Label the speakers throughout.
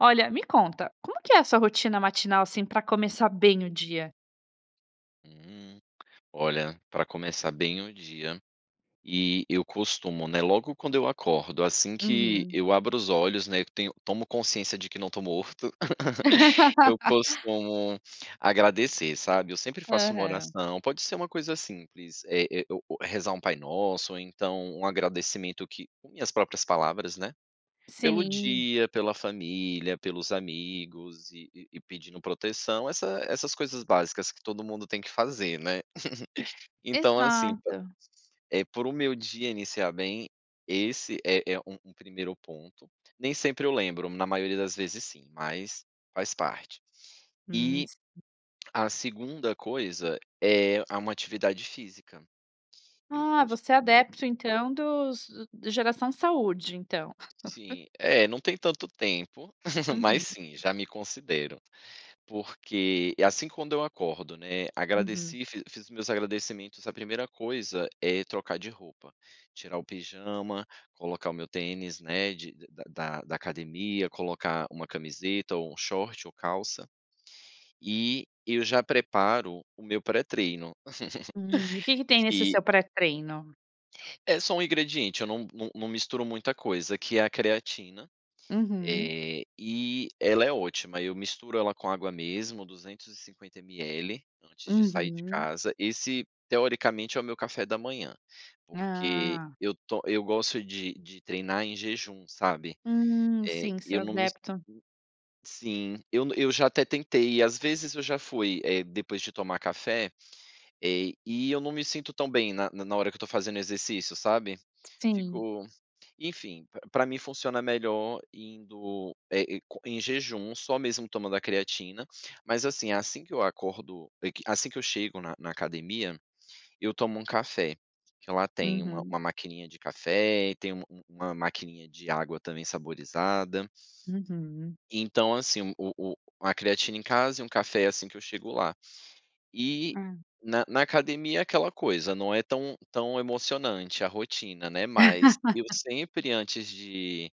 Speaker 1: Olha, me conta: Como que é sua rotina matinal, assim, para começar bem o dia?
Speaker 2: Hum. Olha, para começar bem o dia e eu costumo, né, logo quando eu acordo, assim que
Speaker 1: Uhum.
Speaker 2: eu abro os olhos, né, eu tenho tomo consciência de que não tô morto. Eu costumo agradecer, sabe? Eu sempre faço uma
Speaker 1: Aham.
Speaker 2: oração. Pode ser uma coisa simples. É é o o rezar um Pai Nosso, ou então um agradecimento que com minhas próprias palavras, né, pelo
Speaker 1: Sim.
Speaker 2: dia, pela família, pelos amigos. E e e pedindo proteção, essa essas coisas básicas que todo mundo tem que fazer, né? Então, assim,
Speaker 1: Exato.
Speaker 2: é para o meu dia iniciar bem, esse é é um um primeiro ponto. Nem sempre eu lembro. Na maioria das vezes sim, mas faz parte.
Speaker 1: Hum.
Speaker 2: E
Speaker 1: Sim.
Speaker 2: a 2ª coisa é a uma atividade física. Eu
Speaker 1: Ah, você é
Speaker 2: costumo
Speaker 1: adepto, então, dos geração de saúde, então?
Speaker 2: Sim, é, não tem tanto tempo, mas
Speaker 1: Uhum.
Speaker 2: sim. Já me considero, porque assim quando eu acordo, né?
Speaker 1: Uhum.
Speaker 2: Agradeci, fiz fiz os meus agradecimentos. A primeira coisa é trocar de roupa, tirar o pijama, colocar o meu tênis, né, de da da academia, colocar uma camiseta, ou um short, ou calça. E eu já preparo o meu pré-treino
Speaker 1: Hum. E o que que tem nesse
Speaker 2: que
Speaker 1: seu pré-treino?
Speaker 2: É só um ingrediente, eu não não não misturo muita coisa, que é a creatina,
Speaker 1: Uhum.
Speaker 2: eh, e ela é ótima. Eu misturo ela com água mesmo, 250 ml, antes de sair de
Speaker 1: Uhum.
Speaker 2: casa. Esse, teoricamente, é o meu café da manhã, porque
Speaker 1: Ah.
Speaker 2: eu to eu gosto de de treinar em jejum, sabe,
Speaker 1: Hum,
Speaker 2: eh,
Speaker 1: sim, você é
Speaker 2: eu não mis
Speaker 1: adepto
Speaker 2: sim, eu n eu já até tentei ir e, às vezes, eu já fui, eh, depois de tomar café, eh, e eu não me sinto tão bem na na na hora que eu tô fazendo exercício, sabe?
Speaker 1: Sim.
Speaker 2: Fico enfim, pr pra mim funciona melhor, indo, eh, e co em jejum, só mesmo tomando a creatina. Mas, assim, assim que eu acordo é que, assim que eu chego na na academia, eu tomo um café, que lá tem uma
Speaker 1: Uhum.
Speaker 2: uma maquininha de café, tem um um uma maquininha de água também saborizada.
Speaker 1: Uhum.
Speaker 2: Então, assim, o o a creatina em casa e um café assim que eu chego lá. E,
Speaker 1: Ah.
Speaker 2: na na academia, aquela coisa, não é tão tão emocionante a rotina, né, mas eu sempre, antes de,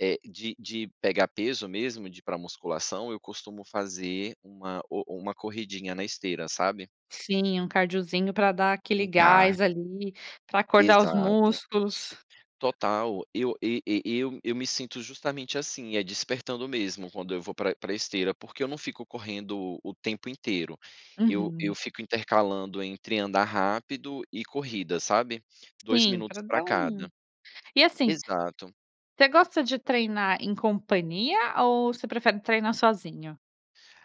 Speaker 2: eh, de de pegar peso mesmo, de ir pra musculação, eu costumo fazer uma o uma corridinha na esteira, sabe?
Speaker 1: Sim, um cardiozinho pra dar aquele
Speaker 2: Um
Speaker 1: gás
Speaker 2: cardio.
Speaker 1: ali, pra acordar os
Speaker 2: Exato.
Speaker 1: músculos.
Speaker 2: Total. Eu e e eu eu me sinto justamente assim, é despertando mesmo, quando eu vou para para a esteira, porque eu não fico correndo o tempo inteiro, eu eu
Speaker 1: Uhum.
Speaker 2: fico intercalando, entre andar rápido e corrida, sabe, 2
Speaker 1: Sim,
Speaker 2: minutos
Speaker 1: pra
Speaker 2: pra
Speaker 1: dar um
Speaker 2: cada.
Speaker 1: e, assim,
Speaker 2: Exato.
Speaker 1: você gosta de treinar em companhia ou você prefere treinar sozinho?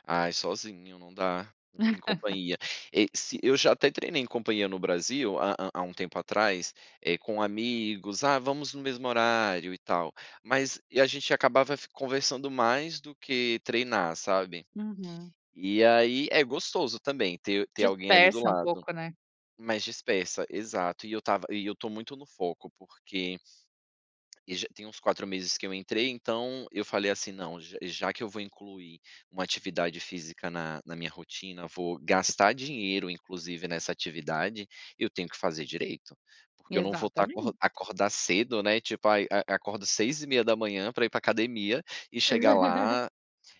Speaker 2: Ai, sozinho, não dá, e em companhia e se eu já até treinei em companhia no Brasil há há há um tempo atrás, eh, com amigos, ah, vamos no mesmo horário e tal, mas e a gente acabava f conversando mais do que treinar, sabe.
Speaker 1: Uhum.
Speaker 2: E aí, é gostoso também ter ter alguém ali do
Speaker 1: Dispersa um
Speaker 2: lado,
Speaker 1: pouco, né?
Speaker 2: mas dispersa, exato e eu tava e eu tô muito no foco, porque E já tem uns 4 meses que eu entrei, então eu falei assim: "Não, j já que eu vou incluir uma atividade física na na minha rotina, vou gastar dinheiro, inclusive, nessa atividade, eu tenho que fazer direito, porque eu não vou estar acor
Speaker 1: Exatamente.
Speaker 2: acordar cedo, né tipo aí a acordo 6h30 pra ir pra academia e chegar lá,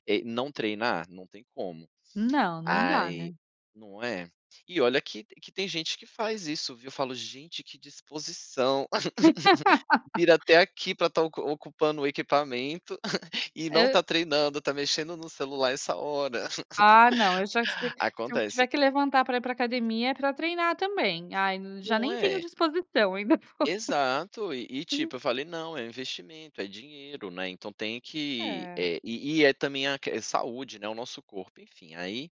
Speaker 2: eh, não treinar, não tem como.
Speaker 1: Não, não dá,
Speaker 2: Ai
Speaker 1: né.
Speaker 2: não é? E olha que que tem gente que faz isso, viu. Eu falo gente que disposição, vir até aqui pra estar ocu ocupando o equipamento e não está
Speaker 1: E
Speaker 2: treinando, tá mexendo no celular essa hora,
Speaker 1: Ah, não, eu já sei, se eu
Speaker 2: acontece.
Speaker 1: tiver que levantar pra ir para a academia é pra treinar também. Ai n já
Speaker 2: Não
Speaker 1: nem tenho
Speaker 2: é?
Speaker 1: disposição ainda vou
Speaker 2: Exato, e e tipo eu falei: "Não é investimento, é dinheiro, né." Então, tem que,
Speaker 1: É.
Speaker 2: eh, e e é também a que saúde, né. O nosso corpo, enfim, aí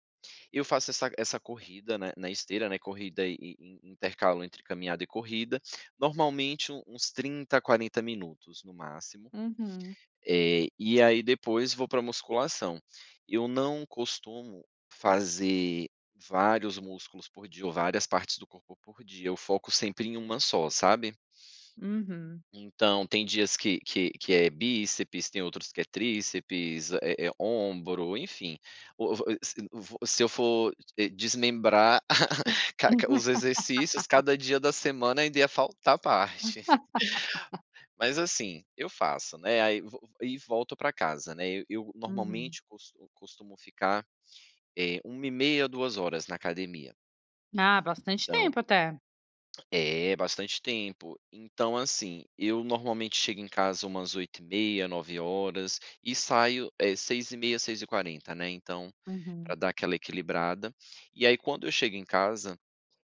Speaker 2: eu faço essa essa corrida na na esteira, né corrida e e e intercalo entre caminhada e corrida, normalmente u uns 30, 40 minutos, no máximo.
Speaker 1: Uhum.
Speaker 2: Eh, e aí depois vou para a musculação, eu não costumo fazer vários músculos por dia ou várias partes do corpo por dia, eu foco sempre em uma só, sabe.
Speaker 1: Uhum.
Speaker 2: Então, tem dias que que que é bíceps, tem outros que é tríceps, eh eh ombro, enfim, o vo e se vo se eu for, eh, desmembrar ca ca os exercícios cada dia da semana ainda ia faltar a parte, mas assim eu faço, né. Aí vo e volto pra casa, né, e eu
Speaker 1: Uhum.
Speaker 2: normalmente costu costumo ficar é 1h30, 2h na academia.
Speaker 1: Ah, bastante
Speaker 2: Então
Speaker 1: tempo até.
Speaker 2: É, bastante tempo. Então, assim, eu normalmente chego em casa umas 8h30, 9h e saio eh 6h30, 6h40, né. Então, pra
Speaker 1: Uhum.
Speaker 2: dar aquela equilibrada e aí quando eu chego em casa,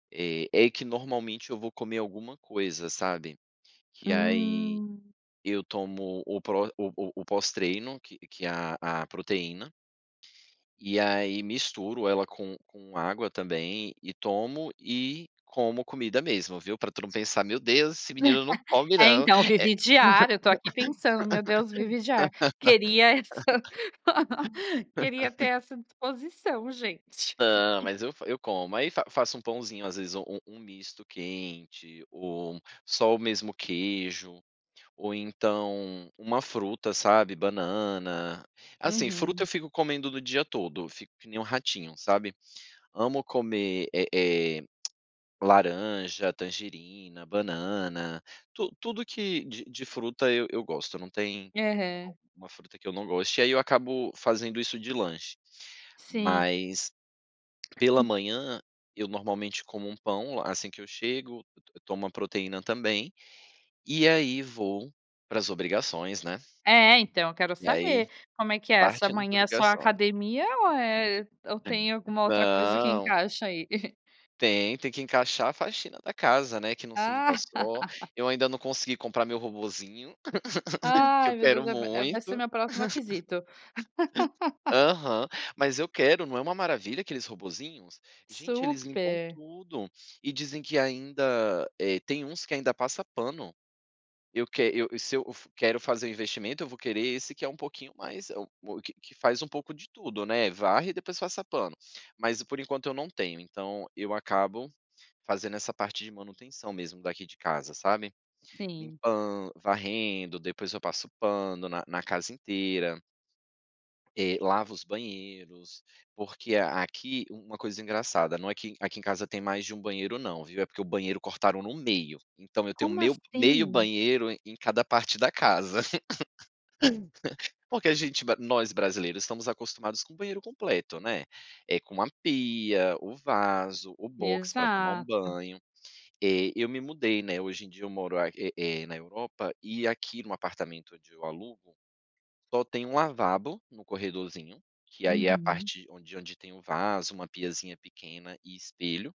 Speaker 2: eh, é que normalmente eu vou comer alguma coisa, sabe, que aí
Speaker 1: Hum.
Speaker 2: eu tomo o pró o o o pós-treino que que a a proteína. E aí misturo ela com com água também e tomo e como comida mesmo, viu, pra tu não pensar "meu Deus, esse menino não come
Speaker 1: É
Speaker 2: não," é.
Speaker 1: então, vive de ar, eu estou aqui pensando, meu Deus, vive de ar queria essa queria ter essa disposição gente.
Speaker 2: Não, mas eu fa eu como aí fa faço um pãozinho, às vezes u um um misto quente ou só o mesmo queijo ou então uma fruta, sabe, banana, assim, fruta,
Speaker 1: Uhum.
Speaker 2: eu fico comendo no dia todo, fico que nem um ratinho, sabe. Amo comer, eh eh laranja, tangerina, banana, tu tudo que de de fruta eu eu gosto, não tem u
Speaker 1: Aham.
Speaker 2: uma fruta que eu não goste. E aí eu acabo fazendo isso de lanche,
Speaker 1: Sim.
Speaker 2: mas pela manhã, eu normalmente como um pão assim que eu chego, eu to eu tomo uma proteína também e aí vou para as obrigações, né.
Speaker 1: É, então eu quero
Speaker 2: E aí
Speaker 1: saber como é que é essa
Speaker 2: partindo pra
Speaker 1: amanhã, é só na
Speaker 2: ligações
Speaker 1: academia ou, eh, ou tem
Speaker 2: [unintelligible]
Speaker 1: alguma outra coisa que
Speaker 2: não.
Speaker 1: encaixa aí?
Speaker 2: Tem, tem que encaixar a faxina da casa, né, que não se limpa
Speaker 1: Ah.
Speaker 2: só. Eu ainda não consegui comprar meu robozinho que eu
Speaker 1: Ai, meu Deus,
Speaker 2: quero
Speaker 1: é v é, vai ser o
Speaker 2: muito.
Speaker 1: meu próximo aquisição
Speaker 2: Aham, mas eu quero, não é uma maravilha aqueles robozinhos, gente, eles limpam
Speaker 1: Super.
Speaker 2: tudo e dizem que ainda, eh, tem uns que ainda passa pano. Eu que eu se eu quero fazer um investimento, eu vou querer esse que é um pouquinho mais, é o que que faz um pouco de tudo, né, varre e depois passa pano, mas por enquanto eu não tenho, então, eu acabo fazendo essa parte de manutenção mesmo daqui de casa, sabe
Speaker 1: Sim.
Speaker 2: limpan varrendo, depois eu passo pano na na casa inteira. Eh, lava os banheiros, porque aqui uma coisa engraçada, não é que aqui em casa tem mais de um banheiro, não viu. É porque o banheiro cortaram no me meio. Então eu tenho
Speaker 1: Como
Speaker 2: meio meio
Speaker 1: assim?
Speaker 2: banheiro em cada parte da casa porque a gente ba nós brasileiros, estamos acostumados com o banheiro completo, né? É com uma pia, o vaso, o box para tomar um
Speaker 1: Exato.
Speaker 2: banho, eh, eu me mudei, né. Hoje em dia eu moro a é é na Europa e aqui no apartamento onde eu alugo. Só tem 1 lavabo no corredorzinho, que aí é a
Speaker 1: Uhum.
Speaker 2: parte onde onde tem o vaso, uma piazinha pequena e espelho.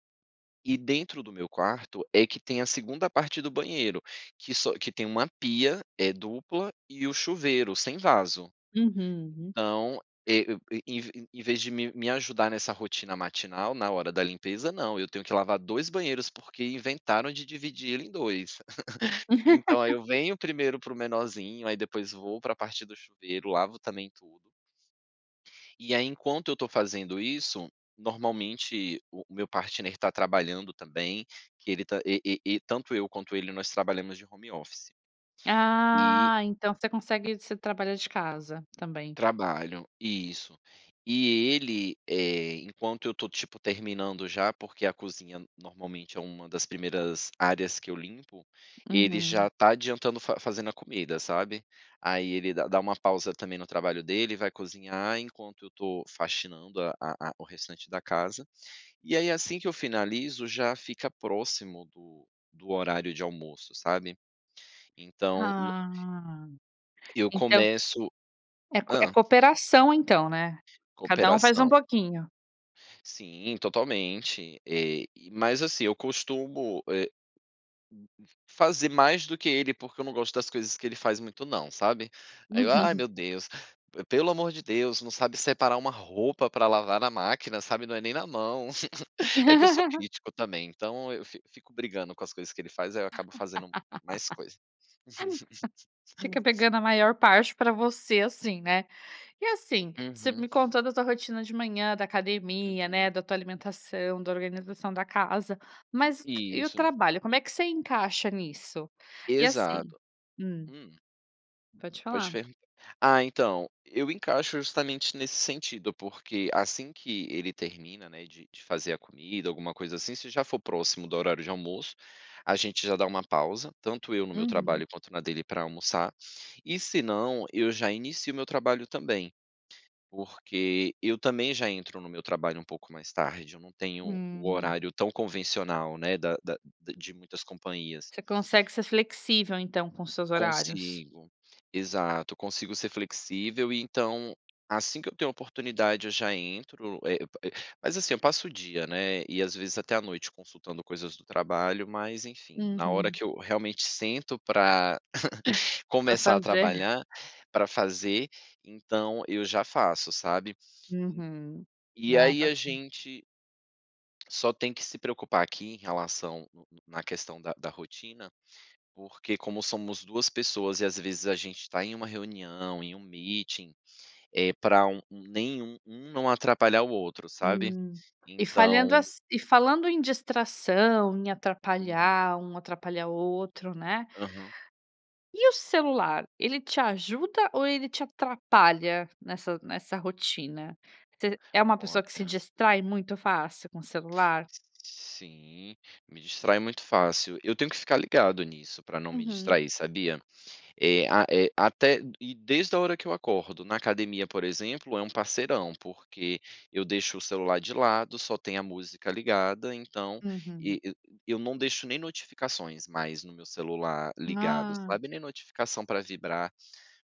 Speaker 2: E dentro do meu quarto é que tem a segunda parte do banheiro que só que tem uma pia é dupla e o chuveiro sem vaso.
Speaker 1: Uhum uhum.
Speaker 2: Então é em em vez de me me ajudar nessa rotina matinal na hora da limpeza, não, eu tenho que lavar 2 banheiros porque inventaram de dividir ele em 2. Então aí eu venho primeiro para o menorzinho, aí depois vou para a partir do chuveiro, lavo também tudo. E aí, enquanto eu tô fazendo isso, normalmente o o meu partner está trabalhando também, que ele tá e e -e tanto eu quanto ele, nós trabalhamos de home office. E
Speaker 1: Ah, então você consegue você trabalha de casa também.
Speaker 2: Trabalho, isso, e ele, eh, enquanto eu estou tipo terminando já, porque a cozinha normalmente é uma das primeiras áreas que eu limpo. Ele já
Speaker 1: Uhum.
Speaker 2: tá adiantando fa fazendo a comida, sabe aí ele dá dá uma pausa também no trabalho dele e vai cozinhar enquanto eu estou faxinando a a a o restante da casa. E aí, assim que eu finalizo, já fica próximo do do horário de almoço, sabe? Então no
Speaker 1: Ah,
Speaker 2: Eu
Speaker 1: então
Speaker 2: começo
Speaker 1: É cop é
Speaker 2: Hã.
Speaker 1: cooperação, então, né? Cada um faz um
Speaker 2: Cooperação.
Speaker 1: pouquinho.
Speaker 2: Sim, totalmente, eh, mas, assim, eu costumo eh, hum, fazer mais do que ele. ´Porque eu não gosto das coisas que ele faz muito, não, sabe? Aí eu: "Ah,
Speaker 1: Uhum.
Speaker 2: meu Deus, pelo amor de Deus, não sabe separar uma roupa pra lavar na máquina, sabe, não é nem na mão", é que eu sou crítico também, então eu fi fico brigando com as coisas que ele faz, aí eu acabo fazendo mais coisa.
Speaker 1: [unintelligible] Fica pegando a maior parte para você assim, né? E assim você
Speaker 2: Uhum.
Speaker 1: me contou a tua rotina de manhã da academia, né.
Speaker 2: Uhum.
Speaker 1: Da tua alimentação, da organização da casa, mas e o
Speaker 2: Isso.
Speaker 1: trabalho? Como é que você encaixa nisso e assim
Speaker 2: Exato,
Speaker 1: hum.
Speaker 2: hum.
Speaker 1: Pode
Speaker 2: Pode
Speaker 1: falar.
Speaker 2: perguntar. Ah, então eu encaixo justamente nesse sentido, porque assim que ele termina, né. De de fazer a comida, alguma coisa assim, se já for próximo do horário de almoço, a gente já dá uma pausa, tanto eu no meu
Speaker 1: Uhum.
Speaker 2: trabalho quanto na dele pra almoçar e se não, eu já inicio o meu trabalho também, porque eu também já entro no meu trabalho um pouco mais tarde. Eu não tenho o
Speaker 1: Hum.
Speaker 2: horário tão convencional, né. Da da da de muitas companhias.
Speaker 1: Você consegue ser flexível, então com os seus horários?
Speaker 2: Consigo, exato, consigo ser flexível e então, assim que eu tenho oportunidade, eu já entro, eh eh, mas, assim, eu passo o dia, né. E às vezes até à noite, consultando coisas do trabalho, mas enfim, na hora
Speaker 1: Uhum.
Speaker 2: que eu realmente sento pra
Speaker 1: Pra
Speaker 2: começar a
Speaker 1: fazer
Speaker 2: trabalhar pra fazer, então eu já faço, sabe,
Speaker 1: Uhum.
Speaker 2: e
Speaker 1: Ah,
Speaker 2: aí a
Speaker 1: bacana.
Speaker 2: gente Só tem que se preocupar aqui em relação na questão da da rotina, porque como somos 2 pessoas e às vezes a gente tá em uma reunião, em um meeting, é pra um nem um um não atrapalhar o outro, sabe,
Speaker 1: Hum e
Speaker 2: então
Speaker 1: falhando as e falando em distração em
Speaker 2: Uhum.
Speaker 1: atrapalhar um, atrapalhar o outro, né?
Speaker 2: Aham.
Speaker 1: E o celular, ele te ajuda ou ele te atrapalha nessa nessa rotina, você é uma pessoa que se
Speaker 2: Olha
Speaker 1: distrai muito fácil com o celular?
Speaker 2: Sim, me distrai muito fácil. Eu tenho que ficar ligado nisso para não me
Speaker 1: Uhum.
Speaker 2: distrair, sabia é a é até e desde a hora que eu acordo, na academia, por exemplo, é um parceirão, porque eu deixo o celular de lado, só tem a música ligada, então
Speaker 1: Uhum.
Speaker 2: e e eu não deixo nem notificações mais no meu celular ligado,
Speaker 1: Ah.
Speaker 2: sabe, nem notificação para vibrar.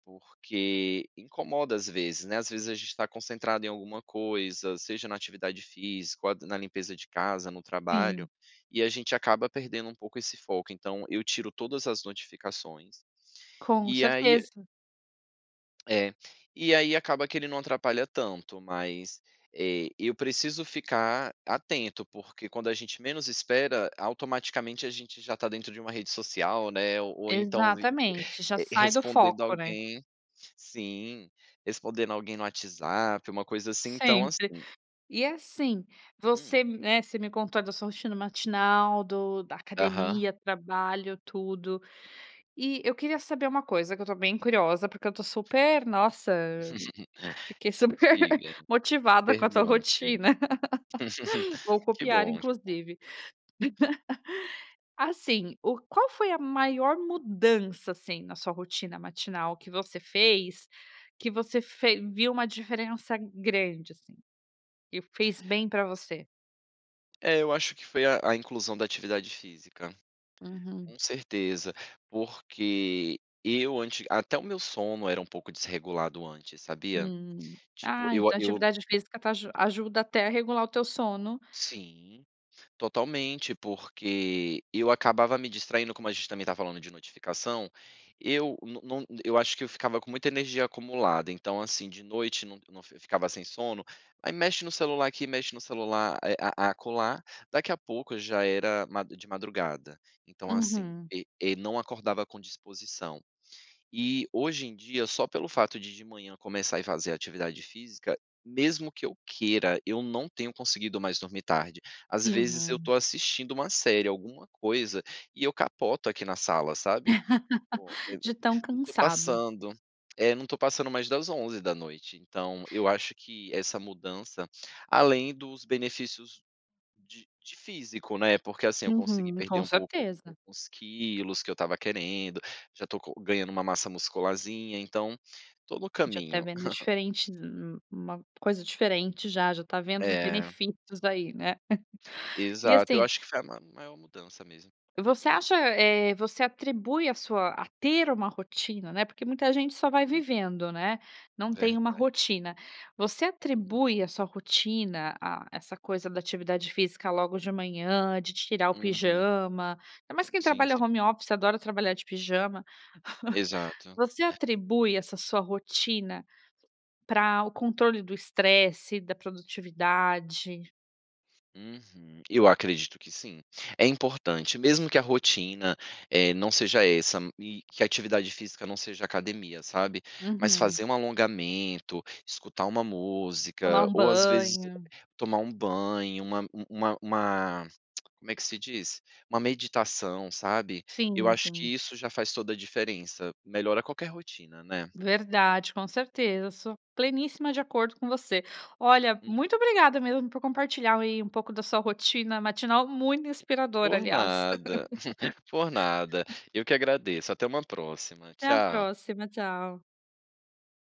Speaker 2: Porque incomoda às vezes, né. Às vezes a gente tá concentrado em alguma coisa, seja na atividade física, ou a na limpeza de casa, no trabalho,
Speaker 1: Sim.
Speaker 2: e a gente acaba perdendo um pouco esse foco. Então eu tiro todas as notificações.
Speaker 1: Com
Speaker 2: E aí
Speaker 1: certeza.
Speaker 2: É. E aí acaba que ele não atrapalha tanto, mas, eh, eu preciso ficar atento, porque quando a gente menos espera, automaticamente a gente já tá dentro de uma rede social, né, ou ou então
Speaker 1: Exatamente. Já
Speaker 2: eh,
Speaker 1: sai do
Speaker 2: respondendo a
Speaker 1: foco, né?
Speaker 2: alguém sim, respondendo a alguém no WhatsApp, uma coisa assim. Então,
Speaker 1: Sempre.
Speaker 2: assim
Speaker 1: E assim,
Speaker 2: Hum.
Speaker 1: você, né, você me contou da sua rotina matinal, do da
Speaker 2: Aham.
Speaker 1: academia, trabalho, tudo e eu queria saber uma coisa, que eu tô bem curiosa, porque eu tô super nossa. Fiquei super
Speaker 2: Diga!
Speaker 1: motivada com a tua
Speaker 2: Pergunte-me!
Speaker 1: rotina. Vou
Speaker 2: Que
Speaker 1: copiar,
Speaker 2: bom, que bom.
Speaker 1: inclusive. Assim, o qual foi a maior mudança assim na sua rotina matinal que você fez que você fe viu uma diferença grande, assim e fez bem pra você?
Speaker 2: É, eu acho que foi a a inclusão da atividade física.
Speaker 1: Uhum.
Speaker 2: Com certeza. Porque eu antes até o meu sono era um pouco desregulado antes, sabia.
Speaker 1: Hum.
Speaker 2: Tipo
Speaker 1: Ah,
Speaker 2: eu ah,
Speaker 1: então a
Speaker 2: eu
Speaker 1: atividade física tá aju ajuda até a regular o teu sono.
Speaker 2: sim. Totalmente, porque eu acabava me distraindo, como a gente também tá falando de notificação, eu não não eu acho que eu ficava com muita energia acumulada. Então assim de noite não não fi ficava sem sono, aí mexe no celular aqui, mexe no celular, eh, a a acolá. Daqui a pouco já era ma de madrugada. Então assim
Speaker 1: Uhum.
Speaker 2: e e não acordava com disposição. E hoje em dia, só pelo fato de de manhã começar e fazer atividade física, mesmo que eu queira, eu não tenho conseguido mais dormir tarde. Às vezes eu
Speaker 1: Uhum.
Speaker 2: tô assistindo uma série, alguma coisa e eu capoto aqui na sala, sabe.
Speaker 1: De
Speaker 2: [unintelligible]
Speaker 1: tão
Speaker 2: não tô
Speaker 1: cansado.
Speaker 2: passando, é, não tô passando mais das 23h da noite. Então eu acho que essa mudança, além dos benefícios de de físico, né. Porque assim, eu consegui
Speaker 1: Uhum.
Speaker 2: perder
Speaker 1: Com
Speaker 2: um pouco
Speaker 1: certeza.
Speaker 2: uns quilos que eu estava querendo, já estou co ganhando uma massa muscularzinha, então, tô no
Speaker 1: Já está
Speaker 2: caminho.
Speaker 1: vendo diferente, um um uma coisa diferente já. Já tá vendo os
Speaker 2: É.
Speaker 1: benefícios aí, né. E
Speaker 2: Exato. Eu
Speaker 1: assim
Speaker 2: acho que foi a ma maior mudança mesmo.
Speaker 1: Você acha eh, você atribui a sua a ter uma rotina, né, porque muita gente só vai
Speaker 2: Né?
Speaker 1: vivendo, né? Não tem uma
Speaker 2: Verdade.
Speaker 1: rotina. Você
Speaker 2: Uhum.
Speaker 1: atribui a sua rotina a essa coisa da atividade física logo de manhã, de tirar o
Speaker 2: Uhum.
Speaker 1: pijama? Ainda mais quem
Speaker 2: Sim,
Speaker 1: trabalha
Speaker 2: sim.
Speaker 1: home office adora trabalhar de pijama.
Speaker 2: Exato.
Speaker 1: Você
Speaker 2: É.
Speaker 1: atribui essa sua rotina pra o controle do estresse, da produtividade?
Speaker 2: Uhum, eu acredito que sim. É importante mesmo que a rotina, eh, não seja essa e que a atividade física não seja academia, sabe? Mas
Speaker 1: Uhum.
Speaker 2: fazer um alongamento, escutar uma
Speaker 1: Tomar
Speaker 2: música
Speaker 1: um
Speaker 2: ou, às vezes
Speaker 1: banho.
Speaker 2: tomar um banho, uma uma uma como é que se diz? Uma meditação, sabe? Eu
Speaker 1: Sim,
Speaker 2: acho que
Speaker 1: sim.
Speaker 2: isso já faz toda a diferença. Melhora qualquer rotina, né?
Speaker 1: Verdade, com certeza, sou pleníssima de acordo com você. Olha,
Speaker 2: Uhum.
Speaker 1: muito obrigada mesmo por compartilhar, aí, um pouco da sua rotina matinal. Muito inspiradora,
Speaker 2: Por
Speaker 1: aliás.
Speaker 2: nada por nada. Eu que agradeço. Até uma próxima,
Speaker 1: Até a
Speaker 2: tchau.
Speaker 1: próxima, tchau.